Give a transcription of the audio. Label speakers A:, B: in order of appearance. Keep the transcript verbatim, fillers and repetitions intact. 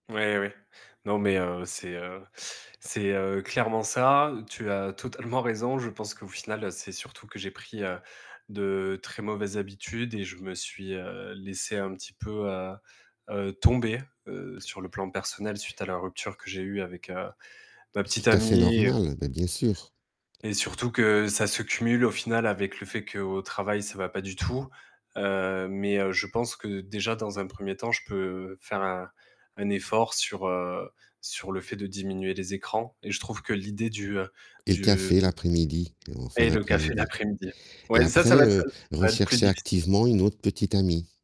A: Ouais, ouais. Non, mais, heu, c'est, heu c'est, heu, clairement, ça, tu as totalement raison. Je pense qu'au final, c'est surtout que j'ai pris, heu, de très mauvaises habitudes et je me suis, heu, laissé un petit peu, heu heu, tomber, heu, sur le plan personnel suite à la rupture que j'ai eue avec, heu, ma
B: C'est
A: petite
B: tout à fait
A: amie et heu
B: normal, bah, bien sûr.
A: et surtout que ça se cumule, au final, avec le fait qu'au travail, ça va pas du tout, heu, mais heu, je pense que, déjà, dans un premier temps, je peux faire un un effort sur, heu, sur le fait de diminuer les écrans et je trouve que l'idée du, heu,
B: Et le
A: du
B: café
A: mmh
B: l'après-midi ou en fin
A: et le café
B: d'après-midi
A: l'après-midi!
B: et
A: Ouais, ça ça
B: après,
A: va être
B: heu,
A: ça va être plus
B: rechercher
A: difficile!
B: activement une autre petite amie.